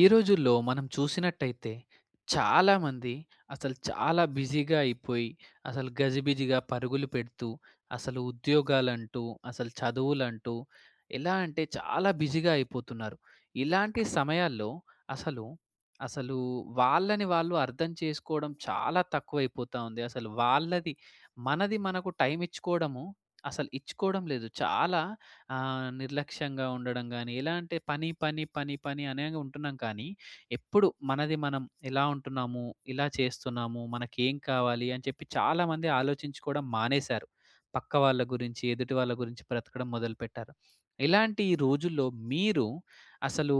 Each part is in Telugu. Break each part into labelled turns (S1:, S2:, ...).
S1: ఈ రోజుల్లో మనం చూసినట్టయితే చాలామంది అసలు చాలా బిజీగా అయిపోయి, అసలు గజిబిజిగా పరుగులు పెడుతూ, అసలు ఉద్యోగాలంటూ, అసలు చదువులంటూ, ఎలా అంటే, చాలా బిజీగా అయిపోతున్నారు. ఇలాంటి సమయాల్లో అసలు, అసలు వాళ్ళని వాళ్ళు అర్థం చేసుకోవడం చాలా తక్కువ అయిపోతా ఉంది. అసలు వాళ్ళది మనది మనకు టైమ్ ఇచ్చుకోవడము, అసలు ఇచ్చుకోవడం లేదు. చాలా ఆహ్, నిర్లక్ష్యంగా ఉండడం గాని, ఎలా అంటే పని, పని, పని, పని అనే ఉంటున్నాం. కానీ ఎప్పుడు మనది మనం ఎలా ఉంటున్నాము, ఇలా చేస్తున్నాము, మనకు ఏం కావాలి? అని చెప్పి, చాలామంది ఆలోచించుకోవడం మానేశారు. పక్క వాళ్ళ గురించి ఎదుటి వాళ్ళ గురించి బ్రతకడం మొదలుపెట్టారు. ఇలాంటి రోజుల్లో మీరు, అసలు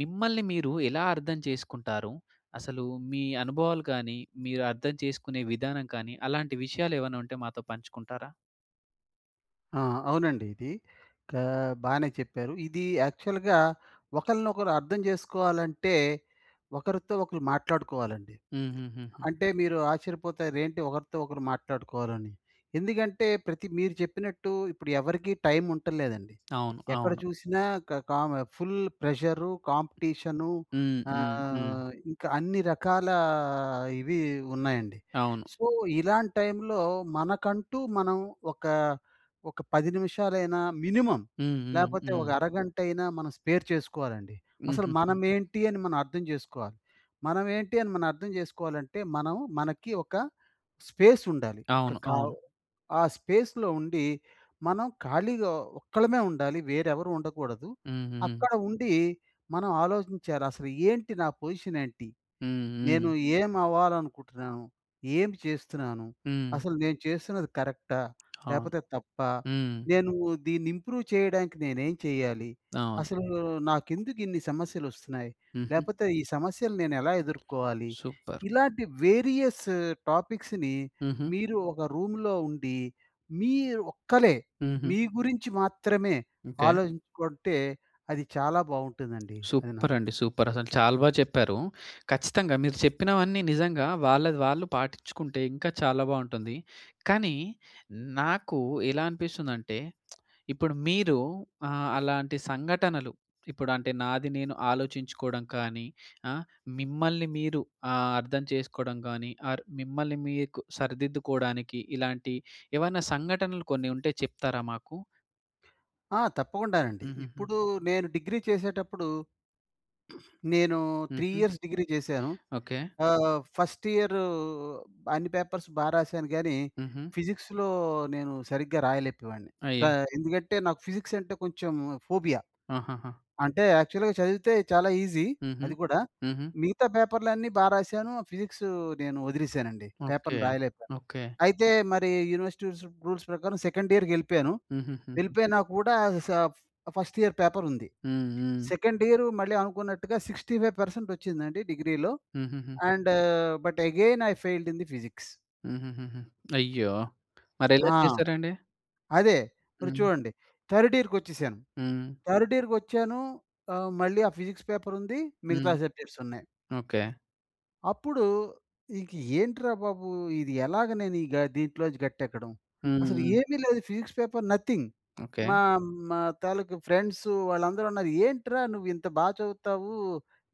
S1: మిమ్మల్ని మీరు ఎలా అర్థం చేసుకుంటారు. అసలు మీ అనుభవాలు కానీ మీరు అర్థం చేసుకునే విధానం కానీ అలాంటి విషయాలు ఏమన్నా ఉంటే మాతో పంచుకుంటారా?
S2: ఆ! అవునండి ఇది ఆహ్, బానే చెప్పారు ఇది యాక్చువల్‌గా ఒకరినొకరు అర్థం చేసుకోవాలంటే ఒకరితో, ఒకరు మాట్లాడుకోవాలండి.
S1: హూహూహు.
S2: అంటే మీరు ఆశ్చర్యపోతారు ఏంటి ఒకరితో ఒకరు మాట్లాడుకోవాలని. ఎందుకంటే, ప్రతి మీరు చెప్పినట్టు ఇప్పుడు ఎవరికీ టైమ్ ఉంటంలేదండి.
S1: అవును.
S2: ఎక్కడ
S1: అవును.
S2: చూసినా క కామ ఫుల్ ప్రెషరు కాంపిటీషను
S1: హ్మ్. హ్మ్. హ్మ్.
S2: ఆహ్, ఇంకా అన్ని రకాల ఇవి ఉన్నాయండి.
S1: అవును.
S2: సో, ఇలాంటి టైమ్‌లో మనకంటూ మనం ఒక, ఒక 10 నిమిషాలైనా మినిమమ్
S1: హ్మ్. హ్మ్.
S2: లేకపోతే
S1: హ్మ్.
S2: ఒక అరగంటైనా మనం స్పేర్ చేసుకోవాలండి. అసలు
S1: హుహుహుహు.
S2: మనమేంటి అని మనం అర్థం చేసుకోవాలి. మనమేంటి అని మనం అర్థం చేసుకోవాలంటే, మనం మనకి ఒక స్పేస్ ఉండాలి.
S1: అవును.
S2: ఒక
S1: అవును.
S2: ఆ స్పేస్‌లో ఉండి మనం ఖాళీగా ఒక్కలమే ఉండాలి, వేరే ఎవరు ఉండకూడదు.
S1: హుహు.
S2: అక్కడ ఉండి మనం ఆలోచించాలి. అసలు ఏంటి నా పొజిషన్ ఏంటి?
S1: హ్మ్.
S2: నేను
S1: హ్మ్.
S2: ఏమి అవ్వాలనుకుంటున్నాను? ఏం చేస్తున్నాను?
S1: హ్మ్.
S2: అసలు నేను చేస్తున్నది కరెక్టా?
S1: అవును.
S2: లేకపోతే తప్పా?
S1: హ్మ్.
S2: నేను దీన్ని ఇంప్రూవ్ చేయడానికి నేనేం చేయాలి?
S1: అవును.
S2: అసలు నాకెందుకు ఇన్ని సమస్యలు వస్తున్నాయి.
S1: హుహు.
S2: లేకపోతే ఈ సమస్యలు నేను ఎలా ఎదుర్కోవాలి?
S1: సూపర్.
S2: ఇలాంటి వేరియస్ టాపిక్స్‌ని
S1: హుహు.
S2: మీరు ఒక రూమ్‌లో ఉండి, మీరు ఒక్కలే,
S1: హుహు.
S2: మీ గురించి మాత్రమే
S1: ఓకే.
S2: ఆలోచించుకుంటే అది చాలా బావుంటుందండి. అది నా
S1: సూపర్. అండి సూపర్ అసలు చాలా బాగా చెప్పారు. ఖచ్చితంగా మీరు చెప్పినవన్నీ నిజంగా వాళ్ళది వాళ్ళు పాటించుకుంటే ఇంకా చాలా బావుంటుంది. కానీ, నాకు ఎలా అనిపిస్తుందంటే ఇప్పుడు మీరు ఆహ్, అలాంటి సంఘటనలు, ఇప్పుడు అంటే నాది నేను ఆలోచించుకోవడం కానీ, ఆ! మిమ్మల్ని మీరు అర్థం చేసుకోవడం కానీ ఆర్ మిమ్మల్ని మీకు సరిదిద్దుకోవడానికి ఇలాంటి ఏవన్నా సంఘటనలు కొన్ని ఉంటే చెప్తారా మాకు?
S2: ఆ! తప్పకుండానండి.
S1: హుహుహు.
S2: ఇప్పుడు నేను డిగ్రీ చేసేటప్పుడు నేను, 3
S1: హుహు.
S2: ఇయర్స్ డిగ్రీ చేశాను.
S1: ఓకే.
S2: ఆహ్, ఫస్ట్ ఇయరు అన్ని పేపర్స్ బా రాసాను గానీ,
S1: హుహు.
S2: ఫిజిక్స్‌లో నేను సరిగ్గా రాయలేపోయేవాడిని. టా
S1: అయ్యో!
S2: ఎందుకంటే, నాకు ఫిజిక్స్ అంటే కొంచెం ఫోబియా.
S1: ఆహాహా!
S2: అంటే, యాక్చువల్‌గా చదివితే చాలా ఈజీ
S1: హుహు.
S2: అది కూడా.
S1: హుహు.
S2: మిగతా పేపర్‌లన్నీ బా రాసాను. ఫిజిక్సు నేను ఒదిలేసానండి.
S1: ఓకే.
S2: పేపర్ రాయలేకపోయాను.
S1: ఓకే.
S2: అయితే, మరి యూనివర్సిటీ రుసు రూల్స్ ప్రకారం సెకండ్ ఇయర్‌కెళ్ళిపోయాను.
S1: హుహుహుహు.
S2: వెళ్ళిపోయినా కూడా, సఫ్ ఫస్ట్ ఇయర్ పేపర్ ఉంది.
S1: హ్మ్. హ్మ్.
S2: సెకండ్ ఇయరు మళ్ళీ అనుకున్నట్టుగా 65% ఒచ్చిందండి డిగ్రీలో.
S1: హుహుహు.
S2: And but again I failed in the physics.
S1: హుహుహుహు. అయ్యో!
S2: ఆ!
S1: మరెలా చేసారండి?
S2: అదే. మరి
S1: హ్మ్.
S2: చూడండి. థర్డ్ ఇయర్‌‌కొచ్చేసాను.
S1: హ్మ్.
S2: థర్డ్ ఇయర్‌‌కొచ్చాను ఆహ్, మళ్ళీ ఆ ఫిజిక్స్ పేపర్ ఉంది.
S1: హ్మ్.
S2: మిగతా సబ్జెక్ట్స్ ఉన్నాయి.
S1: ఓకే.
S2: అప్పుడు ఇంక ఏంట్రా బాబు! ఇది ఎలాగ నేను ఇగా దీంట్లోంచి గట్టెక్కడం,
S1: హ్మ్.
S2: అసలు
S1: హ్మ్.
S2: ఏమీ లేదు. Physics paper nothing.
S1: ఓకే.
S2: మా మా తాలూకు ఫ్రెండ్సు వాళ్ళందరూ అన్నారు. "ఏంట్రా? నువ్వు ఇంత బా చదువుతావు.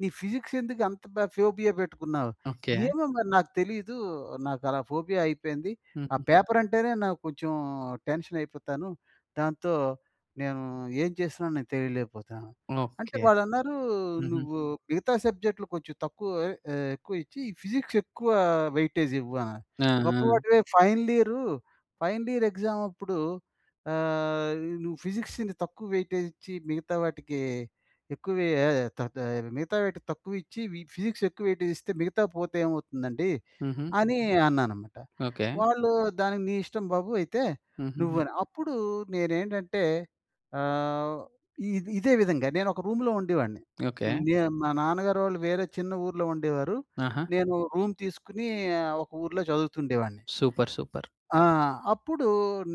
S2: నీ ఫిజిక్స్ ఎందుకు అంత బా ఫోబియా పెట్టుకున్నావు?"
S1: ఓకే.
S2: ఏమో మరి నాకు తెలీదు. నాకలా ఫోబియా అయిపోయింది. ఆ
S1: హుహుహు.
S2: పేపర్ అంటేనే నాకు కొంచెం టెన్షనయిపోతాను. దాంతో, నేను ఏం చేస్తున్నానో నేను తెలియలేకపోతున్నాను. అంటే
S1: ఓకే.
S2: వాళ్ళన్నారు,
S1: హుహు.
S2: "నువ్వు మిగతా సబ్జెక్ట్‌లు కొంచెం తక్కువ ఆహ్, ఎ ఎక్కువ ఇచ్చి, ఫిజిక్స్ ఎక్కువ వెయిటేజ్ ఇవ్వు" ఆహ్,
S1: ఆ!
S2: గొప్ప
S1: ఆ!
S2: వాడివే final year final year exam అప్పుడు ఆహ్, నువ్వు ఫిజిక్స్‌ని తక్కువ వెయిటేజ్ ఇచ్చి, మిగతా వాటికి ఎక్కువే ఏయ తా ఆహ్, మిగతా వాటికి తక్కువ ఇచ్చి వి ఫిజిక్స్ ఎక్కువ వెయిటేజ్ ఇస్తే, మిగతా పోతే ఏమవుతుందండి,
S1: హుహు.
S2: అని అన్నాననమాట.
S1: ఓకే.
S2: వాళ్ళు దానికి, "నీ ఇష్టం బాబు అయితే," నువ్వు
S1: హుహుహు.
S2: అని. అప్పుడు నేనేంటంటే ఆహ్, ఇది ఇదే విధంగా నేను ఒక రూమ్‌లో ఉండేవాడిని.
S1: ఓకే.
S2: నేను మా నాన్నగారోళ్ళు వేరే చిన్న ఊర్లో ఉండేవారు.
S1: ఆహా!
S2: నేను రూమ్ తీసుకొని ఆహ్, ఒక ఊర్లో చదువుతుండేవాడిని.
S1: సూపర్! సూపర్!
S2: ఆ! అప్పుడు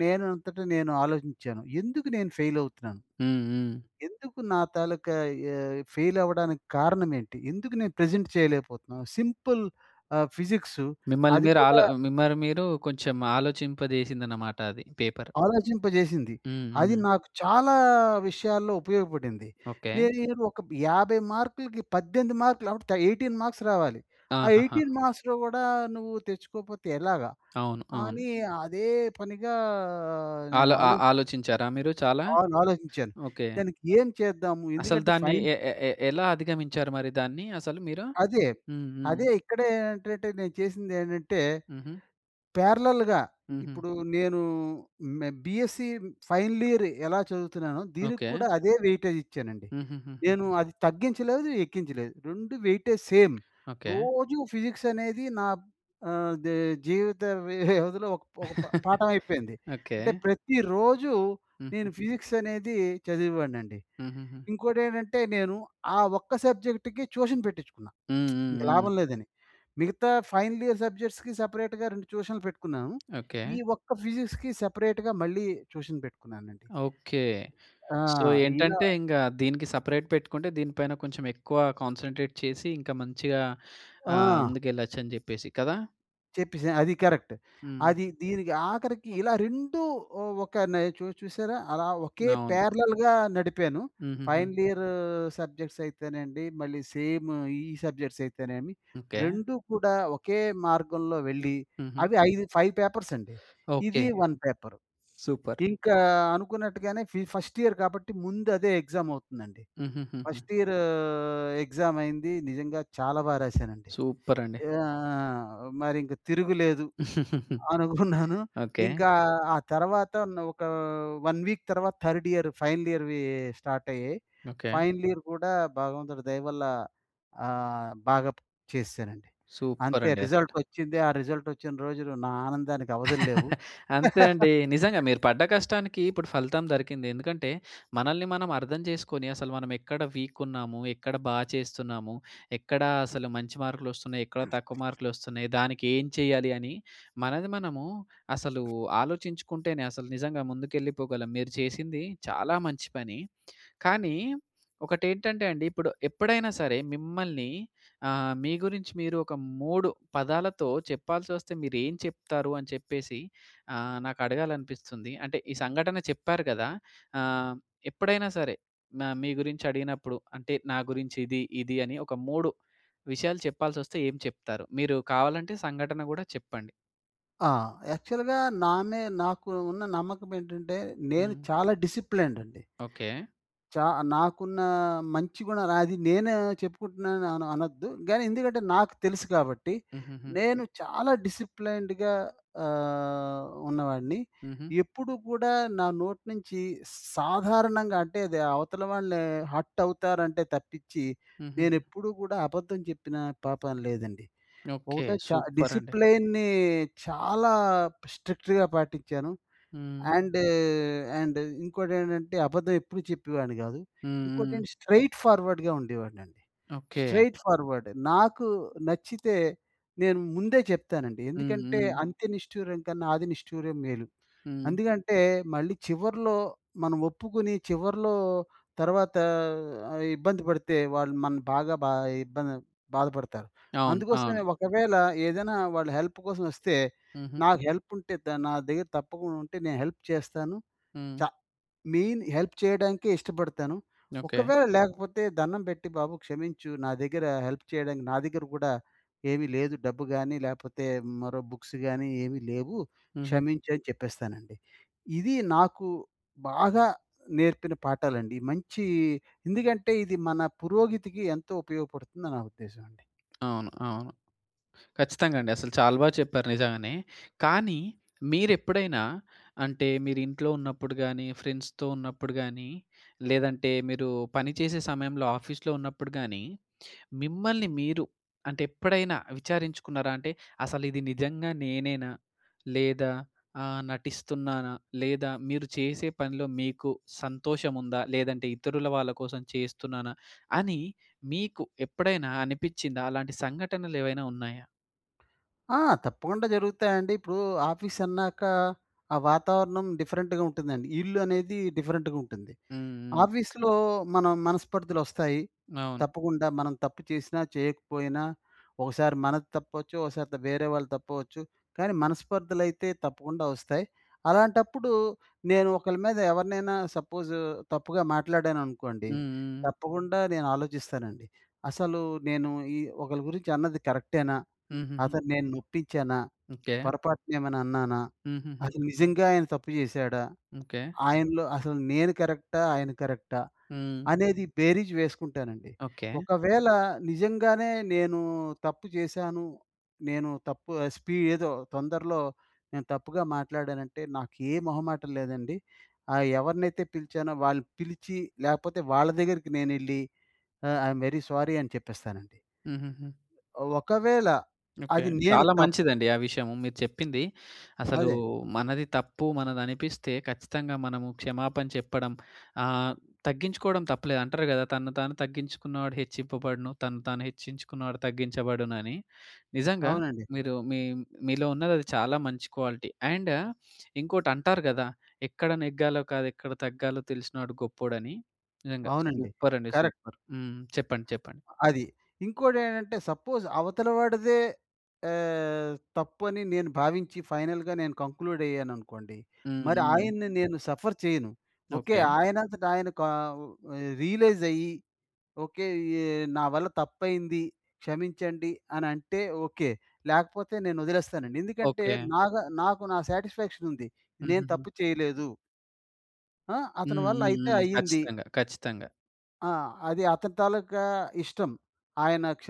S2: నేనంతట నేను ఆలోచించాను. ఎందుకు నేను ఫెయిల్ అవుతున్నాను,
S1: హ్మ్. హ్మ్.
S2: ఎందుకు నా తాలూకా యా ఫెయిల్ అవ్వడానికి కారణమేంటి? ఎందుకు నేను ప్రెజెంట్ చేయలేకపోతున్నాను, సింపుల్ ఆహ్, ఫిజిక్సు
S1: మిమ్మల్ని
S2: అది కూడా
S1: మీరాలో మిమ్మల్ని మీరు కొంచెం ఆలోచింపజేసిందన్నమాట అది. పేపర్.
S2: ఆలోచింపజేసింది.
S1: హ్మ్.
S2: అది
S1: హ్మ్.
S2: నాకు చాలా విషయాల్లో ఉపయోగపడింది.
S1: ఓకే.
S2: నేరు ఒక బ్ 50 మార్కులకి, 18 మార్కులు అవుట్. 18 మార్క్స్ రావాలి. ఆ
S1: ఆహాహా!
S2: 18 మార్క్స్‌లో గూడా, నువ్వు తెచ్చుకోకపోతే ఎలాగా,
S1: అవును. అవును.
S2: అని అదే పనిగా నేను
S1: ఆలో ఆ
S2: ఆలో
S1: ఆలోచించారా మీరు చాలా?
S2: అవును. ఆలోచించాను.
S1: ఓకే.
S2: దానికి ఏం చేద్దాము,
S1: అసలు
S2: ఎందుకంటే
S1: దాన్ని
S2: ఫైన్
S1: ఎ ఎ ఎ ఎలా అధిగమించారు మరి దాన్ని, అసలు మీరు?
S2: అదే.
S1: హ్మ్. హ్మ్.
S2: అదే ఇక్కడే ఏంటంటే నేను చేసిందేంటంటే,
S1: హుహు.
S2: పారలెల్‌గా
S1: హుహు.
S2: ఇప్పుడు నేను మే బీఎస్సీ ఫైనల్ ఇయర్ ఎలా చదువుతున్నానో దీనికి
S1: ఓకే.
S2: కూడా అదే వెయిటేజ్ ఇచ్చానండి. నేను
S1: హుహుహుహు.
S2: అది తగ్గించలేదు, ఎక్కించలేదు. 2 వెయిటేజ్ సేమ్.
S1: ఓకే.
S2: రోజు ఫిజిక్స్ అనేది నా బ్ ఆహ్, దే జీవిత వ్యవధిలో ఒక ఒక ప పాఠం అయిపోయింది. అంటే
S1: ఓకే.
S2: ప్రతిరోజు, నేను
S1: హుహుహు.
S2: ఫిజిక్స్ అనేది చదివేవాడినండి.
S1: హుహుహు.
S2: ఇంకోటేంటంటే, నేను ఆ ఒక్క సబ్జెక్ట్‌కి ట్యూషన్ పెట్టించుకున్న.
S1: హ్మ్. హ్మ్.
S2: ఇంక
S1: హ్మ్.
S2: లాభం లేదని. మిగతా ఫైనల్ ఇయర్ సబ్జెక్ట్స్‌కి సెపరేట్‌గా 2 ట్యూషన్‌లు పెట్టుకున్నాను. ఈ
S1: ఓకే.
S2: ఒక్క ఫిజిక్స్‌కి సెపరేట్‌గా మళ్ళీ ట్యూషన్ పెట్టుకున్నానండి.
S1: ఓకే.
S2: ఆ!
S1: సో,
S2: ఇలా
S1: ఏంటంటే ఇంక దీనికి సెపరేట్ పెట్టుకుంటే దీని పైన కొంచెం ఎక్కువ కాన్సంట్రేట్ చేసి, ఇంకా మంచిగా ఆహ్,
S2: ఆ!
S1: ముందుకెళ్ళొచ్చు అని చెప్పేసి. కదా!
S2: చెప్పేసాను అది కరెక్ట్.
S1: హ్మ్.
S2: అది దీనికి ఆఖరికి ఇలా 2 ఒక నె చు చూసారా? అలా ఒకే
S1: అవును.
S2: పారలెల్‌గా నడిపాను.
S1: హుహూహు.
S2: ఫైనల్ ఇయర్ సబ్జెక్ట్స్ అయితేనండి. మళ్ళీ సేమ్ ఈ సబ్జెక్ట్స్ అయితేనేమి.
S1: ఓకే.
S2: 2 కూడా ఒకే మార్గంలో వెళ్ళి,
S1: హుహు.
S2: అవి ఐదు 5 పేపర్స్ అండి. ఇది
S1: ఓకే.
S2: 1 పేపర్.
S1: సూపర్.
S2: ఇంకా అనుకున్నట్టుగానే ఫి ఫస్ట్ ఇయర్ కాబట్టి, ముందు అదే ఎగ్జామ్ అవుతుందండి.
S1: హుహుహుహు.
S2: ఫస్ట్ ఇయర్ ఎగ్జామ్ అయింది. నిజంగా చాలా బాగా రాసానండి.
S1: సూపర్ అండి.
S2: ఆహ్, మరి ఇంక తిరుగులేదు అననుకున్నాను.
S1: ఓకే.
S2: ఇంకా ఆ తర్వాత ఒక 1 వీక్ తర్వాత, థర్డ్ ఇయర్ ఫైనల్ ఇయర్‌వి స్టార్ట్ అయ్యాయి.
S1: ఓకే.
S2: ఫైనల్ ఇయర్ కూడా భగవంతుడి దయవల్ల ఆహ్, బాగా చేసేసానండి.
S1: సూపర్
S2: అంతే
S1: అండి అసలు.
S2: రిజల్ట్ వచ్చింది. ఆ రిజల్ట్ వచ్చిన రోజులు నా ఆనందానికి అవధులు లేవు.
S1: అంతే అండి. నిజంగా మీరు పడ్డ కష్టానికి ఇప్పుడు ఫలితం దొరికింది. ఎందుకంటే మనల్ని మనం అర్థం చేసుకొని, అసలు మనం ఎక్కడ వీక్ ఉన్నాము? ఎక్కడ బా చేస్తున్నాము? ఎక్కడ అసలు మంచి మార్కులు వస్తున్నాయి? ఎక్కడ తక్కువ మార్కులు వస్తున్నాయి? దానికి ఏం చేయాలి? అని మనది మనము అసలు ఆలోచించుకుంటేనే అసలు నిజంగా ముందుకెళ్ళిపోగలం. మీరు చేసింది చాలా మంచి పని. కానీ ఒకటి ఏంటంటే అండి, ఇప్పుడు ఎప్పుడైనా సరే మిమ్మల్ని ఆహ్, మీ గురించి మీరు ఒక 3 పదాలతో చెప్పాల్సి వస్తే మీరు ఏం చెప్తారు? అని చెప్పేసి ఆహ్, నాకు అడగాలి అనిపిస్తుంది. అంటే ఈ సంఘటన చెప్పారు కదా! ఆహ్, ఎప్పుడైనా సరే నా మీ గురించి అడిగినప్పుడు అంటే నా గురించి ఇది ఇది అని ఒక 3 విషయాలు చెప్పాల్సి వస్తే, ఏం చెప్తారు? మీరు కావాలంటే సంఘటన కూడా చెప్పండి.
S2: ఆ! యాక్చువల్‌గా నా‌నే నాకు ఉన్న నమ్మకం ఏంటంటే? నేను
S1: హ్మ్.
S2: చాలా డిసిప్లేన్డ్ అండి.
S1: ఓకే.
S2: చా నాకున్న మంచి గుణాలు అది నేను చెప్పుకుంటున్నాను అనొద్దు. కాని ఎందుకంటే నాకు తెలుసు కాబట్టి.
S1: హుహుహు.
S2: నేను చాలా డిసిప్లేన్డ్‌గా ఆహ్, ఉన్నవాడిని.
S1: ఉహూ.
S2: ఎప్పుడు కూడా నా నోటి నుంచి స్ సాధారణంగా అంటే, అది అవతల వాళ్ళు హర్ట్ అవుతారంటే తప్పించి,
S1: హుహుహు.
S2: నేనెప్పుడూ కూడా అబద్ధం చెప్పిన పాపాన లేదండి.
S1: ఓకే
S2: ఒకటే చ
S1: సూపర్ అండి.
S2: డిసిప్లేన్‌ని చాలా స్ట్రిక్ట్‌గా పాటించాను.
S1: హ్మ్.
S2: అండ్, అండ్ ఇంకోటేంటంటే, అబద్ధం ఎప్పుడు చెప్పేవాడిని కాదు.
S1: హ్మ్, హ్మ్.
S2: ఇంకోటేంటి స్ట్రెయిట్ ఫార్వర్డ్‌గా ఉండేవాడినండి.
S1: ఓకే.
S2: స్ట్రెయిట్ ఫార్వర్డే. నాకు నచ్చితే, నేను ముందే చెప్తానండి.
S1: హ్మ్,
S2: ఎందుకంటే,
S1: హ్మ్.
S2: అంత్య నిష్ఠూరం కన్నా ఆది నిష్టూరం మేలు.
S1: హ్మ్.
S2: అందుకంటే, మళ్ళీ చివర్లో మనం ఒప్పుకుని, చివర్లో తర్వాత ఆహ్, ఇబ్బంది పడితే వాళ్ళు మనల్ని బాగా బా ఇబ్బంది బాధపడతారు.
S1: అవును.
S2: అందుకోసమే
S1: అవును.
S2: ఒకవేళ ఏదైనా వాళ్ళు హెల్ప్ కోసం వస్తే,
S1: ఉహూ.
S2: నాకు హెల్ప్ ఉంటే ద నా దగ్గర తప్పకుండా ఉంటే, నేను హెల్ప్ చేస్తాను. చ
S1: హ్మ్.
S2: మెయిన్ హెల్ప్ చేయడానికే ఇష్టపడతాను.
S1: ఓకే.
S2: ఒకవేళ లేకపోతే దండం పెట్టి బాబు క్షమించు, నా దగ్గర హెల్ప్ చేయడానికి నా దగ్గర కూడా ఏమి లేదు. డబ్బు గాని లేపోతే, మరో బుక్స్ గాని ఏమి లేవు,
S1: ఉహూ.
S2: క్షమించు అని చెప్పేస్తానండి. ఇది నాకు బాగా నేర్పిన పాఠాలండి. మంచి ఎందుకంటే ఇది మన పురోగతికి ఎంతో ఉపయోగపడుతుందని నా ఉద్దేశమండి.
S1: అవును, అవును. ఖచ్చితంగా అండి. అసలు చాలా బాగా చెప్పారు నిజంగానే. కానీ, మీరెప్పుడైనా, అంటే మీరింట్లో ఉన్నప్పుడు గాని, ఫ్రెండ్స్‌తో ఉన్నప్పుడు గాని, లేదంటే మీరు పనిచేసే సమయంలో ఆఫీస్‌లో ఉన్నప్పుడు గాని, మిమ్మల్ని మీరు, అంటే ఎప్పుడైనా విచారించుకున్నారా అంటే, అసలు ఇది నిజంగా నేనేనా? లేదా ఆహ్, నటిస్తున్నానా? లేదా మీరు చేసే పనిలో మీకు సంతోషం ఉందా? లేదంటే ఇతరుల వాళ్ళ కోసం చేస్తున్నానా? అని మీకు ఎప్పుడైనా అనిపించిందా? అలాంటి సంఘటనలు ఏవైనా ఉన్నాయా?
S2: ఆ! తప్పకుండా జరుగుతాయండి. ఇప్పుడూ ఆఫీసన్నాక, ఆ వాతావరణం డిఫరెంట్‌గ ఉంటుందండి. ఇల్లు అనేది డిఫరెంట్‌గ ఉంటుంది.
S1: హ్మ్. హ్మ్.
S2: ఆఫీస్‌లో మనం మనస్పర్థలొస్తాయి
S1: అవును.
S2: తప్పకుండా. మనం తప్పు చేసినా, చేయకపోయినా. ఒకసారి మనది తప్పవచ్చు. ఒకసారిద వేరే వాళ్ళది తప్పవచ్చు. కానీ, మనస్పర్థలైతే తప్పకుండా వస్తాయి. అలాంటప్పుడు, నేను ఒకళ్ళ మీద ఎవరినైనా సపోజూ తప్పుగా మాట్లాడాననుకోండి,
S1: హ్మ్. హ్మ్.
S2: తప్పకుండా నేనాలోచిస్తానండి. అసలు నేను ఈ ఒకళ్ళ గురించి అన్నది కరెక్టేనా?
S1: హుహుహు.
S2: అతను నేను నొప్పిచ్చానా?
S1: ఓకే.
S2: పొరపాటునేమైనా అన్నానా?
S1: హుహుహు.
S2: అది నిజంగా ఆయన తప్పు చేశాడా?
S1: ఓకే.
S2: ఆయనలో అసలు నేను కరెక్టా? ఆయన కరెక్టా?
S1: హ్మ్.
S2: అనేది బేరీజు వేసుకుంటానండి.
S1: ఓకే.
S2: ఒకవేళ నిజంగానే నేను తప్పు చేశాను, నేను తప్పు ఆహ్, స్పీ ఏదో తొందర్లో నేను తప్పుగా మాట్లాడానంటే‌, నాకు ఏ మొహమాటం లేదండి. ఆహ్, ఎవరినైతే పిలిచానో వాళ్ళు పిలిచి, లేపోతే వాళ్ళ దగ్గరికి నేనెళ్ళి, ఆహ్, ఐ యమ్ వెరీ స్వోరీ అని చెప్పేస్తానండి.
S1: హుహుహు.
S2: ఒకవేళ
S1: ఓకే.
S2: అది నేను
S1: చాలా
S2: తప్
S1: మంచిదండి ఆ విషయము మీరు చెప్పింది. అసలు
S2: అదే.
S1: మనది తప్పు మనదనిపిస్తే, ఖచ్చితంగా మనము క్షమాపణ చెప్పడం ఆహ్, తగ్గించుకోడం తప్పులేదు అంటరు కదా! తనను తాను తగ్గించుకున్నవాడు హెచ్చింపబడును. తనను తాను హెచ్చించుకున్నవాడు తగ్గించబడునని. నిజంగా,
S2: అవునండి.
S1: మీరు మీ మీలో ఉన్నది అది, చాలా మంచి క్వాలిటీ. అండ్ ఇంకోటంటారు కదా! ఎక్కడ నెగ్గాలో కాదెక్కడ తగ్గాలో తెలిసినోడు గొప్పోడని! నిజంగా.
S2: అవునండి.
S1: సూపరండి!
S2: కరెక్ట్.
S1: సూపర్! హ్మ్. చెప్పండి. చెప్పండి.
S2: అది. ఇంకోటేంటంటే, సపోజ్ అవతల వాడిదే ఆహ్, తప్పు అని నేను భావించి ఫైనల్‌గా నేను కంక్లూడయ్యాననుకోండి.
S1: హ్మ్.
S2: మరి
S1: హ్మ్.
S2: ఆయన్ని నేను సఫర్ చెయను. ఓకే.
S1: ఓకే.
S2: ఆయనంతటాయన కావ్ రియలైజయ్యి, ఓకే. ఎ నా వల్ల తప్పయింది. క్షమించండి. అనంటే, ఓకే. లేకపోతే నేను వదిలేస్తానండి. ఎందుకంటే,
S1: ఓకే.
S2: నాగ నాకు నా సాటిస్ఫాక్షనుంది. నేను
S1: హుహుహు.
S2: తప్పు చేయలేదు. ఆ! అతని
S1: హ్మ్,
S2: వల్ల
S1: హ్మ్,
S2: అయితే
S1: హ్మ్.
S2: అయింది.
S1: ఖచ్చితంగా, ఖచ్చితంగా.
S2: ఆహ్, అది అతని తాలూకా ఇష్టం. ఆయన క్ష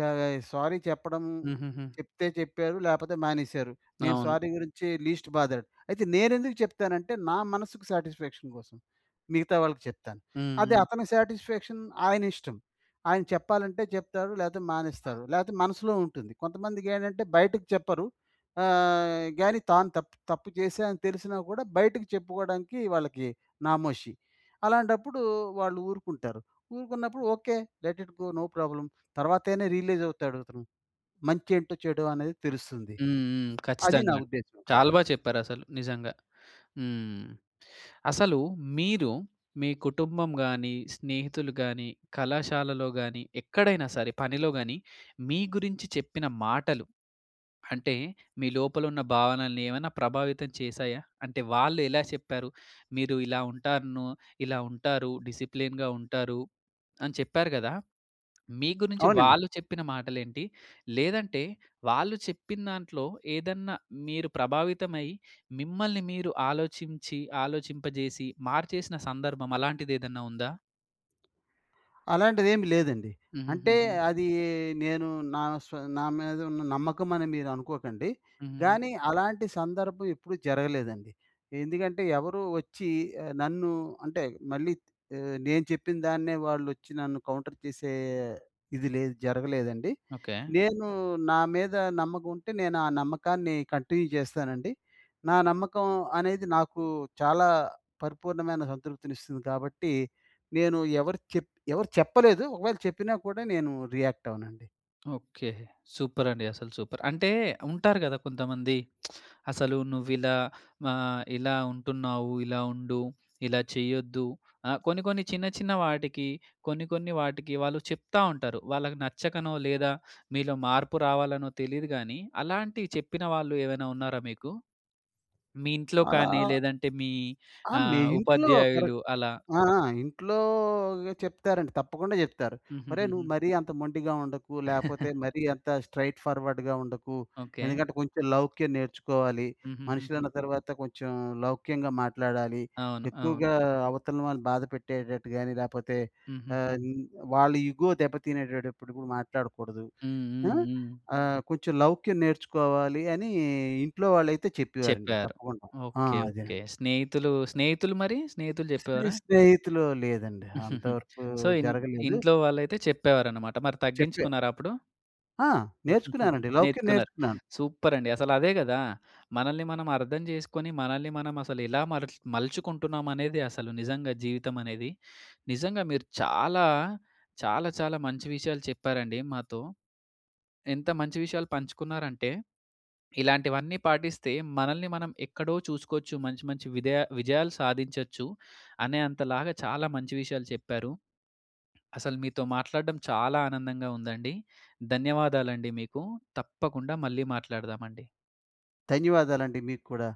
S2: సారీ చెప్పడం
S1: హుహుహు.
S2: చెప్తే చెప్పారు, లేకపోతే మానేశారు. నేను
S1: అవును.
S2: సారీ గురించి లీస్ట్ బాదాడు. అయితే నేనెందుకు చెప్తానంటే, నా మనసుకి సాటిస్‌ఫాక్షన్ కోసం. మిగతా వాళ్ళకి చెప్తాను.
S1: హ్మ్,
S2: అదే
S1: హ్మ్.
S2: అతని సాటిస్‌ఫాక్షన్ ఆయనిష్టం. ఆయన చెప్పాలంటే చెప్తాడు, లేకపోతే మానేస్తాడు. లేకపోతే మనసులో ఉంటుంది. కొంతమందికి ఏంటంటే బయటకి చెప్పరు. ఆహ్, కానీ తాను తప్పు తప్పు చేశాని తెలిసినా కూడా బయటకి చెప్పుకోడానికి వాళ్ళకి నామోషి. అలాంటప్పుడు వాళ్ళు ఊరుకుంటారు. ఊరుకున్నప్పుడు okay. Let it go. No problem. తర్వాతైన రియలైజ్ అవుతాడతను. మంచేంటో చెడో అనేది తెలుస్తుంది.
S1: హ్మ్, హ్మ్.
S2: అది నా
S1: ఖచ్చితంగా అండి.
S2: ఉద్దేశ్యం. ఆ!
S1: చాలా బాగా చెప్పారసలు నిజంగా. హ్మ్. అసలు మీరు మీ కుటుంబం గాని, స్నేహితులు గాని, కళాశాలలో గాని ఎక్కడైనా సరే పనిలో కాని, మీ గురించి చెప్పిన మాటలు. అంటే మీ లోపల ఉన్న భావనని ఏమైనా ప్రభావితం చేశాయా? అంటే వాళ్ళు ఎలా చెప్పారు? మీరు ఇలా ఉంటారనో, ఇలా ఉంటారు డిసిప్లిన్‌గా ఉంటారు అని చెప్పారు కదా! మీ గురించి
S2: అవునండి.
S1: వాళ్ళు చెప్పిన మాటలేంటి? లేదంటే వాళ్ళు చెప్పిందాంట్లో, ఏదన్నా మీరు ప్రభావితమై, మిమ్మల్ని మీరు ఆలోచించి, ఆలోచింపజేసి మార్చేసిన సందర్భం అలాంటిదేదన్నా ఉందా?
S2: అలాంటిదేం లేదండి. అంటే,
S1: హుహుహుహు.
S2: అదీ నేను నా స్వ నా మీదున్న నమ్మకమని మీరనుకోకండి.
S1: హుహుహు.
S2: గానీ, అలాంటి సందర్భం ఎప్పుడు జరగలేదండి. ఎందుకంటే, ఎవరూ వచ్చి, ఆహ్, నన్ను అంటే, మళ్ళీ ఆహ్, నేను చెప్పిందాన్నే వాళ్ళోచ్చి నన్ను కౌంటర్ చేసే ఇది లేదు, జరగలేదండి.
S1: ఓకె.
S2: నేను నా మీద నమ్మకం ఉంటే, నేనా నమ్మకాన్ని కంటిన్యూ జేస్తానండి. నా నమ్మకం అనేది, నాకు చాలా పరిపూర్ణమైన సంతృప్తినిస్తుంది గాబట్టి, నేను ఎవరు చెప్ ఎవరు చెప్పలేదు, ఒకవేళ చెప్పినా గూడా, నేను రియాక్టవనండి.
S1: ఓకె. సూపరండి, అసలు సూపర్. అంటే ఉంటారు గదా కొంతమంది, "అసలు నువ్విలా మా ఇలా ఉంటున్నావు, ఇలా ఉండు, ఇలా చేయొద్దు," ఆహ్, కొన్ని కొన్ని చిన్న చిన్న వాటికి, కొన్ని కొన్ని వాటికి వాళ్ళు చెప్తా ఉంటారు. వాళ్ళకి నచ్చకనో లేదా, మీలో మార్పు రావాలనో తెలీదు గానీ, అలాంటివి చెప్పిన వాళ్ళు ఏమైనా ఉన్నారా మీకు? మీ ఇంట్లో
S2: అలా
S1: కానీ, లేదంటే మీ
S2: ఆ! మీ
S1: ఆహ్,
S2: ఇంట్లో
S1: ఉపాధ్యాయులు
S2: కరెక్ట్.
S1: అలా.
S2: ఆ! ఆ! ఇంట్లోగ చెప్తారండి, తప్పకుండా చెప్తారు. "ఒరేయ్! నువ్వు
S1: హుహుహుహు.
S2: మరీ అంత మొండిగా ఉండకు, లేకపోతే మరీ, అంత స్ట్రెయిట్ ఫార్వర్డ్‌గా ఉండకు.
S1: ఓకె.
S2: ఎందుకంటే, కొంచెం లౌక్యం నేర్చుకోవాలి.
S1: హుహుహుహు.
S2: మనుషులన్న తర్వాత, కొంచెం లౌక్యంగా మాట్లాడాలి.
S1: అవును, అవును.
S2: ఎక్కువగా అవతల వాళ్ళని బాధ పెట్టేటట్టు గాని, లేకపోతే ఆహ్,
S1: హుహుహు.
S2: వాళ్ళ ఇగో దెబ్బ తినేడప్పుడు గూడ మాట్లాడకూడదు.
S1: హ్మ్,
S2: అ!
S1: హ్మ్, హ్మ్.
S2: ఆహ్, కొంచెం లౌక్యం నేర్చుకోవాలి" అనీ, ఇంట్లో వాళ్ళైతే చెప్పేవారండి
S1: చెప్పారు.
S2: తప్పకుండ. ఆ!
S1: Okay, okay.
S2: అదేనండి.
S1: స్నేహితులు, స్నేహితులు మరీ స్నేహితులు
S2: స్నే
S1: చెప్పేవారా?
S2: స్నేహితులు లేదండి, అంత వరకూ
S1: సో, ఇన్
S2: జరగలేదు.
S1: ఇంట్లో వాళ్ళైతే చెప్పేవారన్నమాట. మరి
S2: చెప్పా.
S1: తగ్గించుకున్నారా అప్పుడు?
S2: ఆ! నేర్చుకున్నానండి. లౌక్యం
S1: నేర్చుకున్నారు.
S2: నేర్చుకున్నాను.
S1: సూపరండి. అసలదే గదా! మనల్ని మనమర్థం జేసుకొని, మనల్ని మనం అసలెలా మలు మలుచుకుంటున్నాం అనేది, అసలు నిజంగా జీవితమనేది, నిజంగా మీరు చాలా చాలా చాలా మంచి విషయాలు చెప్పారండి మాతో. ఎంత మంచి విషయాలు పంచుకున్నారంటే, ఇలాంటివన్నీ పాటిస్తే, మనల్ని మనం ఎక్కడో చూసుకోచ్చు, మంచి మంచి విధయ విజయాలు సాధించొచ్చు, అనే అంతలాగా, చాలా మంచి విషయాలు చెప్పారు. అసలు మీతో మాట్లాడడం చాలా ఆనందంగా ఉందండి. ధన్యవాదాలండి మీకూ, తప్పకుండా మళ్ళీ మాట్లాడదామండి.
S2: ధన్యవాదాలండి మీక్కూడా.